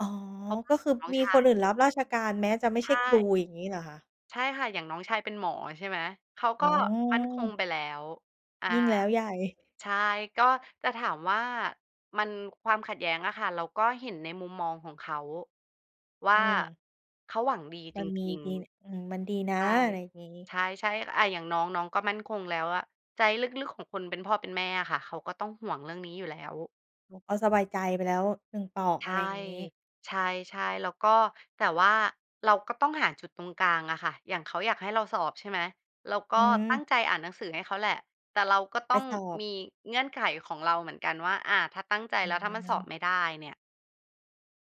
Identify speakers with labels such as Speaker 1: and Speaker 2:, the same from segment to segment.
Speaker 1: อ๋อ
Speaker 2: เพราะว่
Speaker 1: ก
Speaker 2: า
Speaker 1: ็
Speaker 2: ข
Speaker 1: คื
Speaker 2: อ
Speaker 1: อ
Speaker 2: งน้อง
Speaker 1: มี
Speaker 2: ช
Speaker 1: ค
Speaker 2: า
Speaker 1: น
Speaker 2: ย
Speaker 1: อื่นรับราชการแม้จะไม่
Speaker 2: ใช
Speaker 1: ใช่ครู
Speaker 2: ่
Speaker 1: อย่างงี้เหรอคะ?
Speaker 2: ใช่ค่ะ อย่างน้องชายเป็นหมอ ใช่ไหม เขา
Speaker 1: อ
Speaker 2: ก
Speaker 1: ๋
Speaker 2: ็
Speaker 1: อ
Speaker 2: มั่นคงไปแล้ว อา
Speaker 1: ยิ่งแล้วใหญ่
Speaker 2: ใช่ ก็จะถามว่ามัน ความขัดแย้งอะค่ะ เราก็เห็นในมุมมองของเขาว
Speaker 1: อ
Speaker 2: ่
Speaker 1: ื
Speaker 2: า
Speaker 1: ม
Speaker 2: เขาหวังดี
Speaker 1: ม
Speaker 2: จ
Speaker 1: ันมี
Speaker 2: ริง
Speaker 1: ดี อืม มันดีน
Speaker 2: ๆ ใ
Speaker 1: ะ
Speaker 2: ช่
Speaker 1: อะไรอย่างงี้
Speaker 2: ใช่ ๆ อา อย่างน้อง น้องก็มั่นคงแล้วอะ ใจลึก ๆ ของคนเป็นพ่อเป็นแม่อะค่ะเขาก็ต้องห่วงเรื่องนี้อยู่แล้ว
Speaker 1: เขาก็สบายใจไปแล้ว 1 เปราะ
Speaker 2: ใช
Speaker 1: อะไ
Speaker 2: ่
Speaker 1: รอย่างงี้
Speaker 2: ใช่ ๆ แล้วก็ แต่ว่าเราก็ต้องหาจุดตรงกลางอะค่ะ อย่างเขาอยากให้เราสอบ ใช่ไหม เราก
Speaker 1: อ
Speaker 2: ็
Speaker 1: ื
Speaker 2: ต
Speaker 1: ม
Speaker 2: ั้งใจอ่านหนังสือให้เขาแหละ แต่เราก็ต
Speaker 1: ไป
Speaker 2: ้อง
Speaker 1: สอบ
Speaker 2: มีเงื่อนไขของเราเหมือนกันว่า อา ถ้าตั้งใจแ
Speaker 1: อ
Speaker 2: ล้ว ถ้ามันสอ
Speaker 1: ือ
Speaker 2: บไม่ได้เนี่ย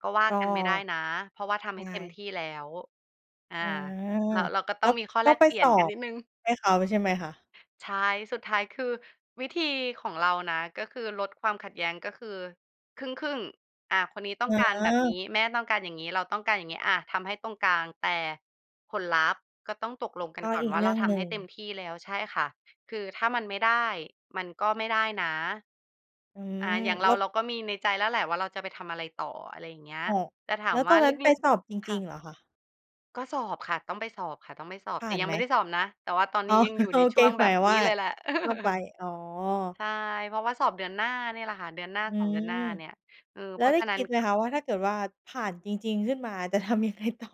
Speaker 2: ก็ว่า
Speaker 1: ก็
Speaker 2: กันไม่ได้นะ เพราะว่าท
Speaker 1: ใช
Speaker 2: ำให้เต็มท
Speaker 1: ่
Speaker 2: ี่แล้ว อา
Speaker 1: อ๋อ
Speaker 2: เรา เราก็
Speaker 1: แ
Speaker 2: ต
Speaker 1: ล
Speaker 2: ้
Speaker 1: ้
Speaker 2: อง
Speaker 1: ว
Speaker 2: มีข้อ
Speaker 1: ก
Speaker 2: แ
Speaker 1: ็
Speaker 2: ลก
Speaker 1: ไป
Speaker 2: เปลี่
Speaker 1: ส
Speaker 2: ยน
Speaker 1: อ
Speaker 2: กัน
Speaker 1: บ
Speaker 2: นิดหนึ่ง
Speaker 1: ให้เขา ใช่ไหมคะ?
Speaker 2: ใช่ สุดท้าย คือวิธีของเรานะ ก็คือลดความขัดแย้งก็คือครึ่ง ๆ อ่า คนนี้ต้อ
Speaker 1: อ
Speaker 2: ง
Speaker 1: ๋
Speaker 2: การแบบนี
Speaker 1: อ
Speaker 2: ้ แม่ต้องการอย่างงี้ เราต้องการอย่างงี้ อา ทำให้ตรงกลาง แต่ผลลัพธ์ก็ต้องตกลงกั
Speaker 1: ก
Speaker 2: น
Speaker 1: ็
Speaker 2: ก่อ
Speaker 1: อ
Speaker 2: น
Speaker 1: ีก
Speaker 2: ว่า
Speaker 1: เร
Speaker 2: เร
Speaker 1: ื่
Speaker 2: า
Speaker 1: อง
Speaker 2: ท
Speaker 1: หน
Speaker 2: ำ
Speaker 1: ึ
Speaker 2: ให
Speaker 1: ่
Speaker 2: ้
Speaker 1: ง
Speaker 2: เต็มที่แล้ว ใช่ค่ะ คือถ้ามันไม่ได้ มันก็ไม่ได้นะ
Speaker 1: อื
Speaker 2: อ่า
Speaker 1: ม
Speaker 2: อย่างเร
Speaker 1: แล
Speaker 2: า
Speaker 1: ้ว
Speaker 2: เราก็มีในใจแล้วแหละว่าเราจะไปทำอะไรต่อ อะไรอย่างเงี้ย
Speaker 1: อ๋อ
Speaker 2: แต่ถา
Speaker 1: แล้
Speaker 2: ม
Speaker 1: วต
Speaker 2: ว่
Speaker 1: อ
Speaker 2: า
Speaker 1: นน
Speaker 2: ล
Speaker 1: ั้นไป
Speaker 2: ึก
Speaker 1: สอบจ
Speaker 2: ๆ ค
Speaker 1: ริ
Speaker 2: ่ะ
Speaker 1: ง ๆ เหรอคะ?
Speaker 2: ก็สอบค่ะ ต้องไปสอบค่ะ ต้องไปสอบ
Speaker 1: ผ
Speaker 2: แ
Speaker 1: ่
Speaker 2: ต
Speaker 1: า
Speaker 2: ่
Speaker 1: น
Speaker 2: ยั
Speaker 1: ไ
Speaker 2: ง
Speaker 1: ห
Speaker 2: ไ
Speaker 1: ม?
Speaker 2: ม่ได้สอบนะ แต่ว่าตอน
Speaker 1: อ
Speaker 2: น
Speaker 1: ๋
Speaker 2: ี
Speaker 1: อ
Speaker 2: ้ยังอยู่
Speaker 1: โอ
Speaker 2: ใน
Speaker 1: เ
Speaker 2: ช
Speaker 1: ค
Speaker 2: ่วง
Speaker 1: ห
Speaker 2: แ
Speaker 1: ม
Speaker 2: บ
Speaker 1: าย
Speaker 2: บ
Speaker 1: ถึงว
Speaker 2: นี
Speaker 1: ่
Speaker 2: ้
Speaker 1: า
Speaker 2: เลยแหละ
Speaker 1: ก็ไป อ๋อ
Speaker 2: ใช่ เพราะว่าสอบเดือนหน้าเนี่ยแหละค่ะ เดือนหน้า
Speaker 1: อื
Speaker 2: 2 เดือนหน้
Speaker 1: ม
Speaker 2: าเนี่ย เออ
Speaker 1: แล
Speaker 2: เ
Speaker 1: ้
Speaker 2: พ
Speaker 1: ว
Speaker 2: รา
Speaker 1: ไ
Speaker 2: ะ
Speaker 1: ด้
Speaker 2: ฉะน
Speaker 1: ค
Speaker 2: ั้น
Speaker 1: ิดไหม
Speaker 2: ก็
Speaker 1: คะว่าถ้าเกิดว่าผ่านจริง ๆ ขึ้นมา จะทำยังไงต่อ?